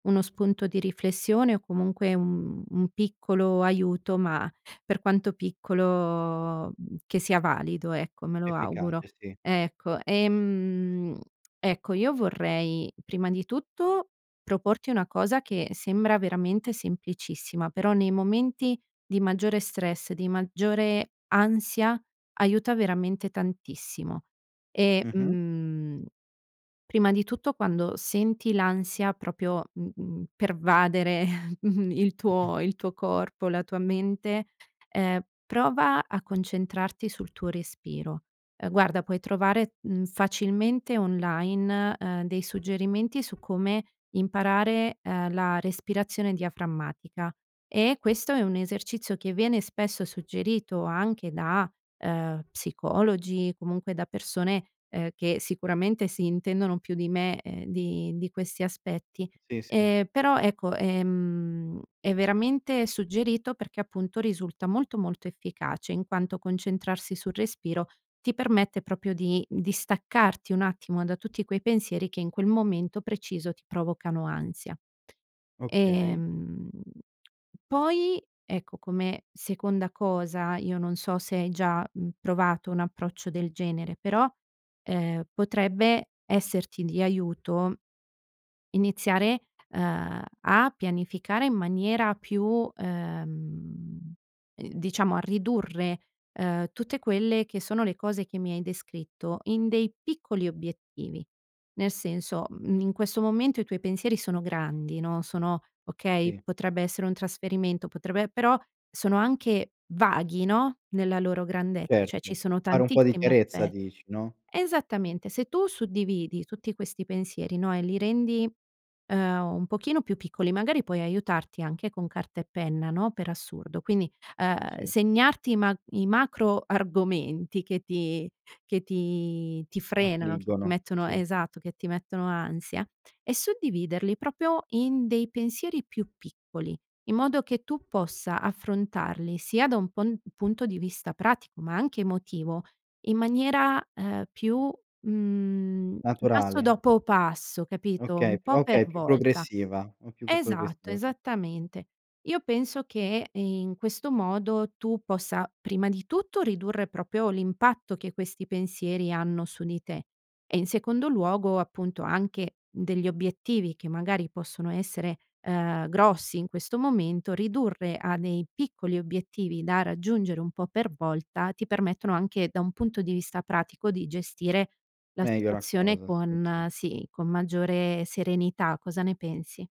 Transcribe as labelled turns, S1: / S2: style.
S1: Uno spunto di riflessione o, comunque, un un piccolo aiuto, ma per quanto piccolo che sia valido, ecco, me lo auguro.
S2: Efficace, sì.
S1: Ecco ehm, ecco, io vorrei prima di tutto proporti una cosa che sembra veramente semplicissima, però nei momenti di maggiore stress, di maggiore ansia aiuta veramente tantissimo. E,
S2: Mh-mh.
S1: mhmm, prima di tutto quando senti l'ansia proprio, mhmm, pervadere il
S2: Mh-mh.
S1: tuo il tuo corpo, la tua mente, uhm, prova a concentrarti sul tuo respiro. Uhm, guarda, puoi trovare, mhmm, facilmente online, uhm, dei suggerimenti su come imparare, uhm, la respirazione diaframmatica, e questo è un esercizio che viene spesso suggerito anche da, uhm, psicologi, comunque da persone, uhm, che sicuramente si intendono più di me, ehm, di di questi aspetti.
S2: Sì, sì.
S1: Ehm, però ecco, ehm, è veramente suggerito perché, appunto, risulta molto, molto efficace in quanto concentrarsi sul respiro ti permette proprio di distaccarti un attimo da tutti quei pensieri che in quel momento preciso ti provocano ansia.
S2: Okay.
S1: Ehm, poi, ecco, come seconda cosa, io non so se hai già, mhmm, provato un approccio del genere, però, ehm, potrebbe esserti di aiuto iniziare, uhm, a pianificare in maniera più uhm, uhm, diciamo a ridurre, uhm, tutte quelle che sono le cose che mi hai descritto in dei piccoli obiettivi. Nel senso, mhmm, in questo momento i tuoi pensieri sono grandi, no, sono okay?
S2: Sì.
S1: Potrebbe essere un trasferimento, potrebbe però sono anche vaghi, no, nella loro grandezza, cioè ci
S2: Certo,
S1: sono
S2: fare un po' di
S1: tantissimi
S2: chiarezza
S1: aspetti
S2: dici, no?
S1: esattamente, se tu suddividi tutti questi pensieri, no, e li rendi, uhm, un pochino più piccoli, magari puoi aiutarti anche con carta e penna, no, per assurdo. Quindi, uhm,
S2: Sì.
S1: segnarti i ma i macro argomenti che ti che ti ti frenano, che ti
S2: Affliggono,
S1: mettono
S2: sì.
S1: esatto, che ti mettono ansia e suddividerli proprio in dei pensieri più piccoli, in modo che tu possa affrontarli sia da un pon punto di vista pratico, ma anche emotivo, in maniera, uhm, più mhmm, passo
S2: Naturale.
S1: dopo passo, capito, un
S2: Okay più
S1: po'
S2: a
S1: per
S2: okay più
S1: volta.
S2: progressiva, po' più po
S1: Esatto,
S2: progressiva, okay.
S1: esattamente. Io penso che in questo modo tu possa, prima di tutto ridurre proprio l'impatto che questi pensieri hanno su di te e in secondo luogo, appunto, anche degli obiettivi che magari possono essere, uhm, grossi in questo momento, ridurre a dei piccoli obiettivi da raggiungere un po' per volta, ti permettono anche da un punto di vista pratico di gestire la
S2: Meglio la
S1: situazione
S2: cosa, sì, sì.
S1: con sì, con maggiore serenità. Cosa ne pensi?